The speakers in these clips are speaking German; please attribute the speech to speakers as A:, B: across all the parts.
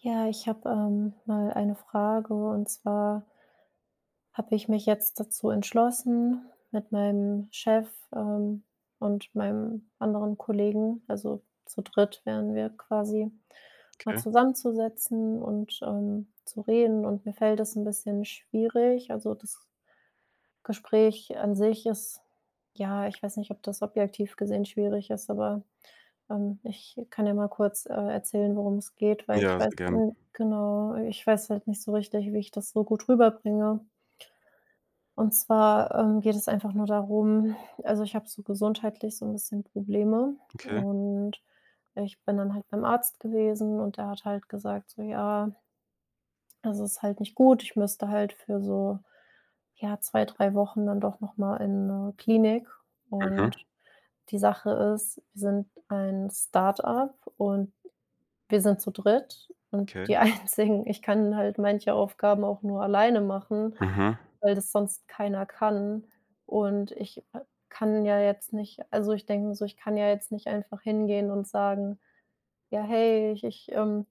A: Ja, ich habe, ähm, mal eine Frage, und zwar habe ich mich jetzt dazu entschlossen, mit meinem Chef, ähm, und meinem anderen Kollegen- also zu dritt wären wir quasi- mal
B: Okay.
A: zusammenzusetzen und, ähm, zu reden und mir fällt das 'n bisschen schwierig. Also das Gespräch an sich ist, ja Ich weiß nicht, ob das objektiv gesehen schwierig ist, aber, ähm, ich kann ja mal kurz, äh, erzählen, worum es geht, weil ich
B: Ja,
A: weiß
B: sehr gern.
A: genau, ich weiß halt nicht so richtig, wie ich das so gut rüberbringe. Und zwar, ähm, geht es einfach nur darum also, ich habe so gesundheitlich so 'n bisschen Probleme.
B: Okay.
A: Und ich bin dann halt beim Arzt gewesen und der hat halt gesagt so: „Ja" „also ist halt nicht gut. Ich müsste halt für so, ja, 2, 3 Wochen dann doch noch mal in 'ne Klinik." Und
B: Mhm.
A: die Sache ist, wir sind ein StartUp und wir sind zu dritt und
B: Okay.
A: die Einzigen. Ich kann halt manche Aufgaben auch nur alleine machen,
B: Mhm.
A: weil das sonst keiner kann. Und ich k kann ja jetzt nicht also, ich denke mir so, ich kann ja jetzt nicht einfach hingehen und sagen: „Ja, hey, ich ich ähm,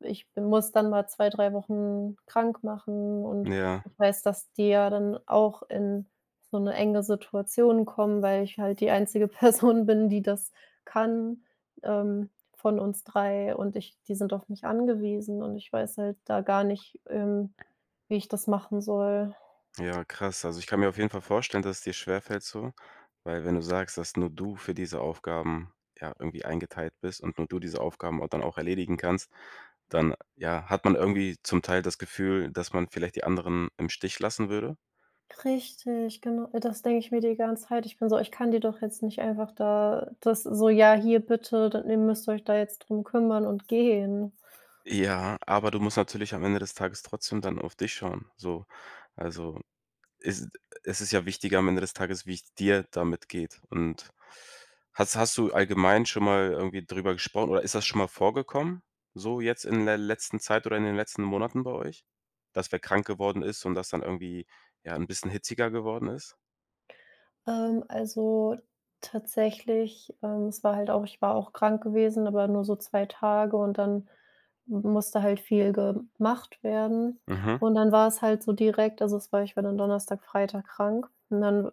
A: ich muss dann mal 2, 3 Wochen krank machen." Und
B: Ja.
A: ich weiß, dass die ja dann auch in so 'ne enge Situation kommen, weil ich halt die einzige Person bin, die das kann, ähm, von uns 3 und ich die sind auf mich angewiesen. Und ich weiß halt da gar nicht, ähm, wie ich das machen soll.
B: Ja, krass, also ich kann mir auf jeden Fall vorstellen, dass es dir schwerfällt so, weil wenn du sagst, dass nur du für diese Aufgaben, ja irgendwie eingeteilt bist und nur du diese Aufgaben au dann auch erledigen kannst, dann, ja, hat man irgendwie zum Teil das Gefühl, dass man vielleicht die anderen im Stich lassen würde?
A: Richtig, genau. Das denk ich mir die ganze Zeit. Ich bin so ich kann die doch jetzt nicht einfach da das so: „Ja, hier bitte, dann ihr müsst euch da jetzt drum kümmern“ und gehen.
B: Ja, aber du musst natürlich am Ende des Tages trotzdem dann auf dich schauen, so. Also, es es ist ja wichtiger am Ende des Tages, wie es dir damit geht. Und hast hast du allgemein schon mal irgendwie drüber gesprochen, oder ist das schon mal vorgekommen so jetzt in ler letzten Zeit oder in den letzten Monaten bei euch, dass wer krank geworden ist und dass dann irgendwie, ja, 'n bisschen hitziger geworden ist?
A: Ähm, also tatsächlich ähm, es war halt auch ich war auch krank gewesen, aber nur so 2 Tage, und dann m musste halt viel gemacht werden.
B: Mhm.
A: Und dann war es halt so direkt also, es war ich war dann Donnerstag, Freitag krank, und dann w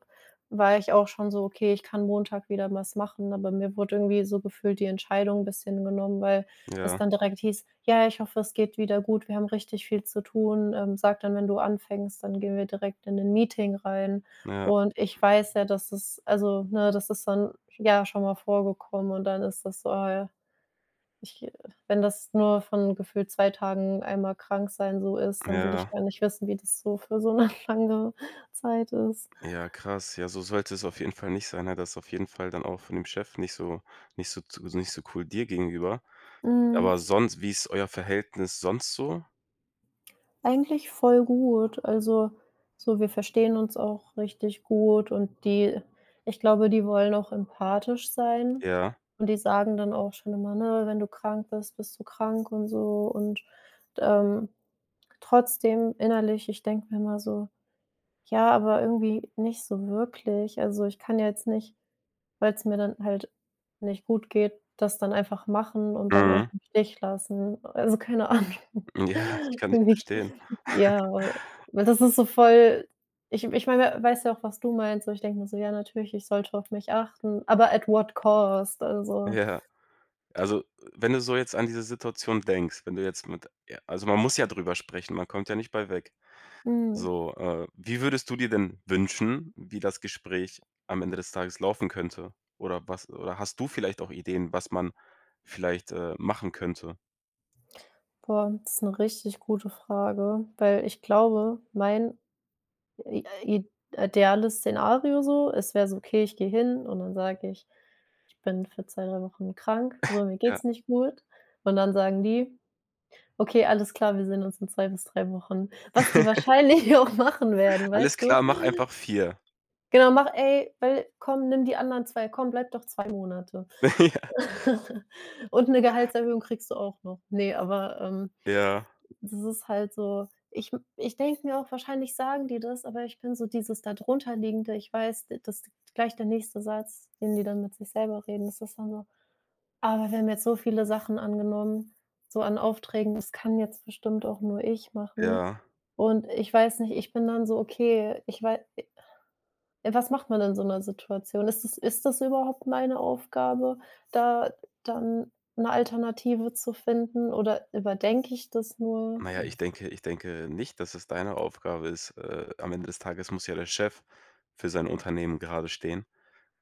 A: war ich auch schon so: „Okay, ich kann Montag wieder was machen“, aber mir wurde irgendwie so gefühlt die Entscheidung 'n bisschen genommen, weil das
B: Ja.
A: dann direkt hieß: „Ja, ich hoffe, es geht wieder gut, wir haben richtig viel zu tun. Ähm, sag dann, wenn du anfängst, dann gehen wir direkt in 'nen Meeting rein."
B: Ja.
A: Und ich weiß ja, dass es also, ne das ist dann, ja, schon mal vorgekommen und dann ist das so, ah ja, ich g wenn das nur von gefühlt 2 Tagen einmal krank sein so ist, dann will ich
B: Ja.
A: gar nicht wissen, wie das so für so 'ne lange Zeit ist.
B: Ja, krass. Ja, so sollte es auf jeden Fall nicht sein. Ja, da ist auf jeden Fall dann auch von dem Chef nicht so nicht so z nicht so cool dir gegenüber.
A: Mhm.
B: Aber sonst, wie ist euer Verhältnis sonst so?
A: Eigentlich voll gut. Also, so wir verstehen uns auch richtig gut und die ich glaube, die wollen auch empathisch sein
B: Ja.
A: und die sagen dann auch schon immer, ne: „Wenn du krank bist, bist du krank" und so. Und, ähm, trotzdem innerlich ich denke mir immer so: „Ja, aber irgendwie nicht so wirklich. Also, ich kann ja jetzt nicht, weil's mir dann halt nicht gut geht, das dann einfach machen und dann euch
B: Mhm.
A: im Stich lassen“, also keine Ahnung.
B: Ja, ich kann dich
A: Irgendwie
B: verstehen.
A: ja, weil weil das ist so voll ich ich meine, weißt du auch, was du meinst? Aber ich denke mir so, ja, natürlich, ich sollte auf mich achten, aber at what cost, also
B: Ja. Also, wenn du so jetzt an diese Situation denkst, wenn du jetzt mit also, man muss ja drüber sprechen, man kommt ja nicht bei weg.
A: Mhm.
B: So, äh, wie würdest du dir denn wünschen, wie das Gespräch am Ende des Tages laufen könnte? Oder was oder hast du vielleicht auch Ideen, was man vielleicht, äh, machen könnte?
A: Boah, das ist 'ne richtig gute Frage, weil ich glaube, mein i i ideales Szenario so es wäre so, okay, ich gehe hin und dann sage ich: „Ich bin für 2, 3 Wochen krank. So, mir
B: Ja.
A: geht's nicht gut." Und dann sagen die: „Okay, alles klar, wir sehen uns in 2 bis 3 Wochen." was die wahrscheinlich auch machen werden,
B: Alles
A: weißt du?
B: klar, mach einfach 4.
A: Genau: „Mach ey, weil komm, nimm die anderen 2 komm, bleibe doch 2 Monate.
B: Ja.
A: Und 'ne Gehaltserhöhung kriegst du auch noch." Ne, aber, ähm,
B: Ja.
A: das ist halt so ich m ich denke mir auch, wahrscheinlich sagen die das, aber ich bin so dieses da darunterliegende, ich weiß, d das gleich der nächste Satz, den die dann mit sich selber reden, das ist dann so: „Ah, wir haben jetzt so viele Sachen angenommen, so an Aufträgen, das kann jetzt bestimmt auch nur ich machen."
B: Ja.
A: Und ich weiß nicht, ich bin dann so okay, ich wei i was macht man da in so 'ner Situation? Ist das ist das überhaupt meine Aufgabe, da dann 'ne Alternative zu finden, oder überdenke ich das nur?
B: Na ja, ich denke ich denke nicht, dass es deine Aufgabe ist. Äh, am Ende des Tages muss ja der Chef für sein Unternehmen gerade stehen,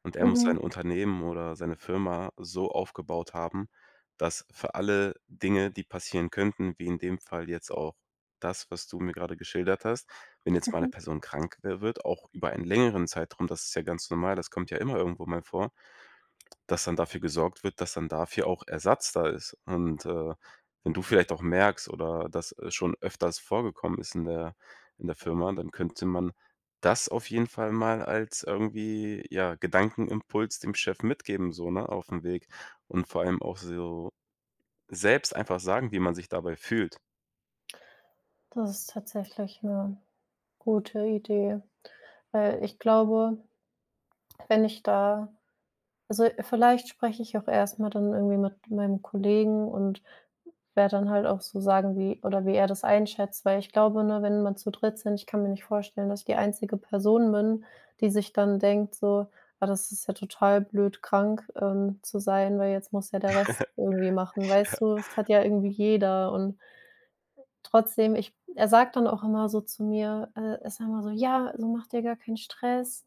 B: und er muss sein
A: Mhm.
B: Unternehmen oder seine Firma so aufgebaut haben, dass für alle Dinge, die passieren könnten, wie in dem Fall jetzt auch das, was du mir gerade geschildert hast wenn jetzt mal 'ne
A: Mhm.
B: Person krank wär wird, auch über einen längeren Zeitraum, das ist ja ganz normal, das kommt ja immer irgendwo mal vor, dass dann dafür gesorgt wird, dass dann dafür auch Ersatz da ist. Und, äh, wenn du vielleicht auch merkst oder das schon öfters vorgekommen ist in der in der Firma, dann könnte man das auf jeden Fall mal als irgendwie ja, Gedankenimpuls dem Chef mitgeben so, ne, aufm Weg und vor allem auch so selbst einfach sagen, wie man sich dabei fühlt.
A: Das ist tatsächlich 'ne gute Idee. Weil ich glaube, wenn ich da also vielleicht spreche ich auch erst mal dann irgendwie mit meinem Kollegen und werde dann halt auch so sagen, wie oder wie er das einschätzt, weil ich glaube, ne, wenn man zu dritt sind, ich kann mir nicht vorstellen, dass ich die einzige Person bin, die sich dann denkt so: „Ah, das ist ja total blöd, krank, ähm, zu sein, weil jetzt muss ja der Rest irgendwie machen,“ weißt
B: Ja.
A: du? Es hat ja irgendwie jeder und trotzdem, ich er sagt dann auch immer so zu mir äh, er sagt immer so: „Ja, also macht dir gar keinen Stress,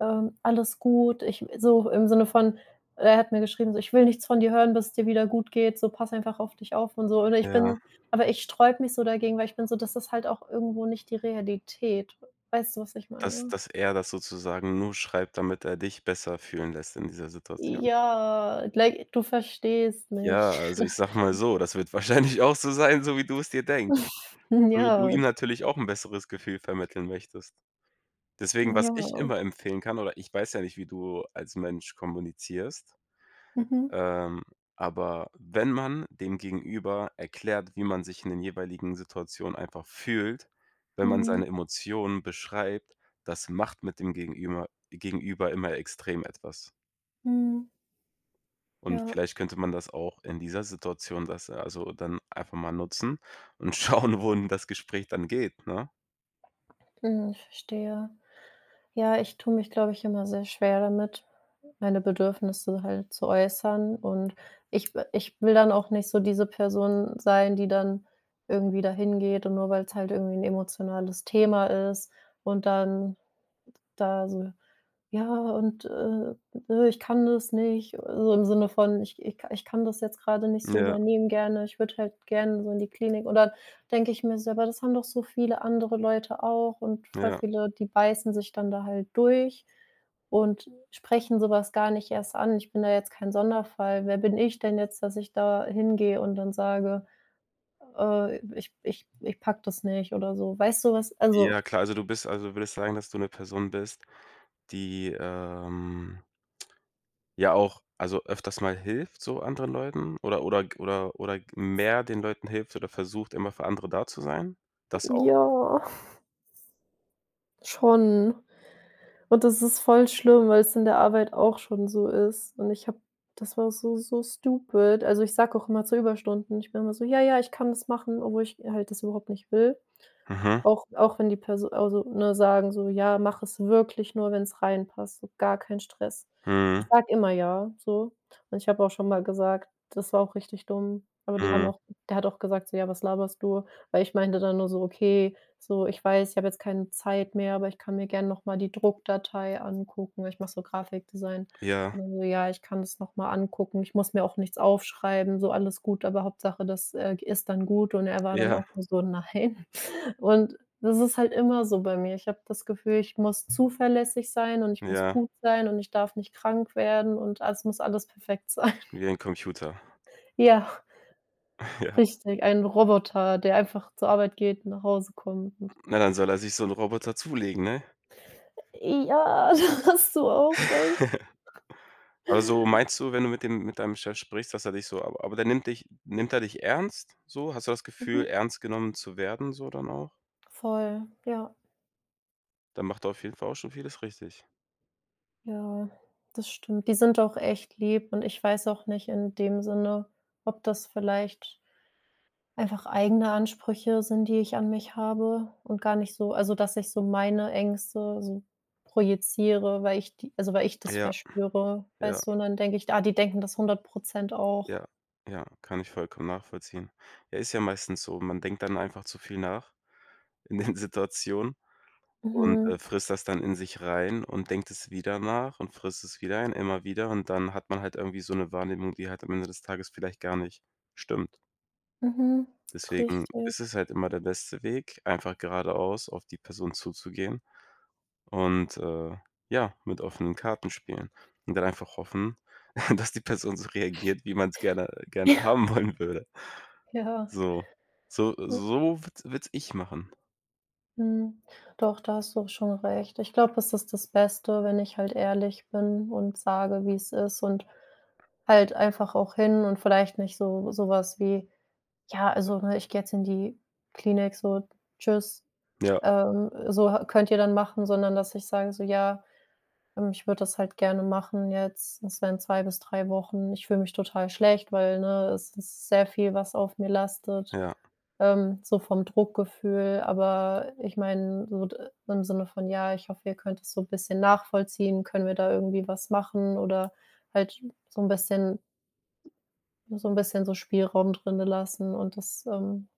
A: ähm, alles gut.“ Ich so im Sinne von er hat mir geschrieben so: „Ich will nichts von dir hören, bis es dir wieder gut geht, so, pass einfach auf dich auf und so.“ Oder ich
B: Ja.
A: bin aber ich sträube mich so dagegen, weil ich bin so das ist halt auch irgendwo nicht die Realität. Weißt du, was ich
B: Dass
A: meine?
B: dass er das sozusagen nur schreibt, damit er dich besser fühlen lässt in dieser Situation.
A: Ja, like du verstehst mich.
B: Ja, also ich sage mal so, das wird wahrscheinlich auch so sein, so wie du es dir denkst, so wie du
A: Ja.
B: ihm natürlich auch 'n besseres Gefühl vermitteln möchtest. Deswegen, was ich
A: Ja.
B: immer empfehlen kann oder ich weiß ja nicht, wie du als Mensch kommunizierst,
A: Mhm.
B: ähm, aber wenn man dem Gegenüber erklärt, wie man sich in den jeweiligen Situationen einfach fühlt, wenn man
A: Mhm.
B: seine Emotionen beschreibt, das macht mit dem gegenüber gegenüber immer extrem etwas.
A: Mhm.
B: Und
A: Ja.
B: vielleicht könnte man das auch in dieser Situation das also dann einfach mal nutzen und schauen, wohin das Gespräch dann geht, ne?
A: Mhm. Ich verstehe. Ja, ich tue mich, glaube ich, immer sehr schwer damit, meine Bedürfnisse halt zu äußern. Und ich w ich will dann auch nicht so diese Person sein, die dann irgendwie dahin geht und nur weil's halt irgendwie 'n emotionales Thema ist und dann da so: „Ja und, äh, ich kann das nicht.“ So im Sinne von ich ich ka ich kann das jetzt grade nicht so
B: Ja.
A: übernehmen gerne. Ich würde halt gerne so in die Klinik oder denke ich mir so, aber das haben doch so viele andere Leute auch und voll
B: Ja.
A: viele, die beißen sich dann da halt durch und sprechen so was gar nicht erst an. Ich bin da jetzt kein Sonderfall. Wer bin ich denn jetzt, dass ich da hingehe und dann sage: „Öh ich ich ich packe das nicht oder so? Weißt du was also
B: Ja klar, also du bist also, würdest sagen, dass du 'ne Person bist, die, ähm ja auch also öfters mal hilft so anderen Leuten oder oder g oder oder g mehr den Leuten hilft oder versucht, immer für andere da zu sein? Das auch?
A: Ja. Schon. Und das ist voll schlimm, weil's in der Arbeit auch schon so ist. Und ich habe das war so so stupid. Also ich sage auch immer zu Überstunden. Ich bin immer so: „Ja, ja, ich kann das machen“, obwohl ich halt das überhaupt nicht will.
B: Mhm.
A: Auch auch wenn die Perso also ne sagen so: „Ja, mach es wirklich nur, wenn's reinpasst, so gar keinen Stress.“ Ich
B: Mhm.
A: sage immer: „Ja“ so. Und ich habe auch schon mal gesagt, das war auch richtig dumm. Aber die haben
B: Mhm.
A: auch der hat auch gesagt so: „Ja, was laberst du?“ Weil ich meinte dann nur so: „Okay“, so, ich weiß, ich hab jetzt keine Zeit mehr, aber ich kann mir gern noch mal die Druckdatei angucken. Ich mache so Grafikdesign.
B: Ja.
A: Und dann so: „Ja, ich kann das noch mal angucken.“ Ich muss mir auch nichts aufschreiben, so alles gut, aber Hauptsache, das, äh, g ist dann gut. Und er war dann
B: Ja.
A: auch nur so: „Nein.“ Und das ist halt immer so bei mir. Ich habe das Gefühl, ich muss zuverlässig sein und ich muss
B: Ja.
A: gut sein und ich darf nicht krank werden und alles muss alles perfekt sein.
B: Wie ein Computer.
A: Ja.
B: Ja.
A: Richtig, ein Roboter, der einfach zur Arbeit geht und nach Hause kommt und
B: Hm, na, dann soll er sich so 'n Roboter zulegen, ne?
A: Äh, ja, da hast du auch recht.
B: Also, meinst du, wenn du mit dem mit deinem Chef sprichst, dass er dich so aber aber der nimmt dich nimmt der dich ernst so? Hast du das Gefühl,
A: Mhm.
B: ernst genommen zu werden so dann auch?
A: Voll, ja.
B: Dann macht er auf jeden Fall auch schon vieles richtig.
A: Ja, das stimmt. Die sind auch echt lieb und ich weiß auch nicht in dem Sinne, ob das vielleicht einfach eigene Ansprüche sind, die ich an mich habe und gar nicht so also dass ich so meine Ängste so projiziere, weil ich die also weil ich das
B: Ja,
A: verspüre,
B: ja.
A: weißt du? Und dann denke ich, ah, die denken das 100 % auch.
B: Ja, ja, kann ich vollkommen nachvollziehen. Ja, ist ja meistens so, man denkt dann einfach zu viel nach in den Situationen und, äh,
A: Mhm.
B: frisst das dann in sich rein und denkt es wieder nach und frisst es wieder rein, immer wieder. Und dann hat man halt irgendwie so 'ne Wahrnehmung, die halt am Ende des Tages vielleicht gar nicht stimmt.
A: Mhm,
B: Deswegen
A: richtig.
B: ist es halt immer der beste Weg, einfach geradeaus auf die Person zuzugehen und, äh, ja, mit offenen Karten spielen. Und dann einfach hoffen, dass die Person so reagiert, wie man's gerne gerne
A: Ja.
B: haben wollen würde.
A: Ja.
B: So so
A: Hm.
B: so würd würde es ich machen.
A: Mhm. Doch, da hast du auch schon recht. Ich glaube, es ist das Beste, wenn ich halt ehrlich bin und sage, wie es ist und halt einfach auch hin und vielleicht nicht so so was wie: „Ja, also, ne, ich gehe jetzt in die Klinik so, tschüss,
B: Ja.
A: ähm, so ha könnt ihr dann machen“, sondern dass ich sage so: „Ja, ähm, ich würde das halt gerne machen jetzt. Das wären 2 bis 3 Wochen. Ich fühle mich total schlecht, weil, ne, es ist sehr viel, was auf mir lastet,
B: Ja.
A: ähm, so vom Druckgefühl.“ Aber ich meine, so d im Sinne von: „Ja, ich hoffe, ihr könnt es so 'n bisschen nachvollziehen, können wir da irgendwie was machen?“ Oder halt so 'n bisschen so 'n bisschen so Spielraum drin lassen und das, ähm,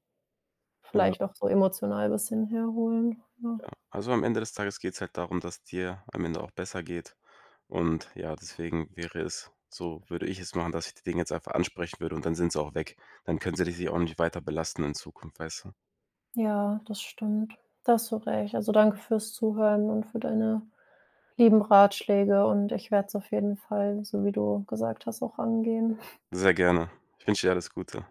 A: vielleicht
B: Genau.
A: auch so emotional bisschen herholen, ja.
B: Ja, also am Ende des Tages geht's halt darum, dass dir am Ende auch besser geht. Und ja, deswegen wäre es so, würde ich es machen, dass ich die Dinge jetzt einfach ansprechen würde und dann sind sie auch weg. Dann können sie dich auch nicht weiter belasten in Zukunft, weißt du?
A: Ja, das stimmt. Da hast du recht. Also danke fürs Zuhören und für deine lieben Ratschläge und ich werde es auf jeden Fall, so wie du gesagt hast, auch angehen.
B: Sehr gerne. Ich wünsche dir alles Gute.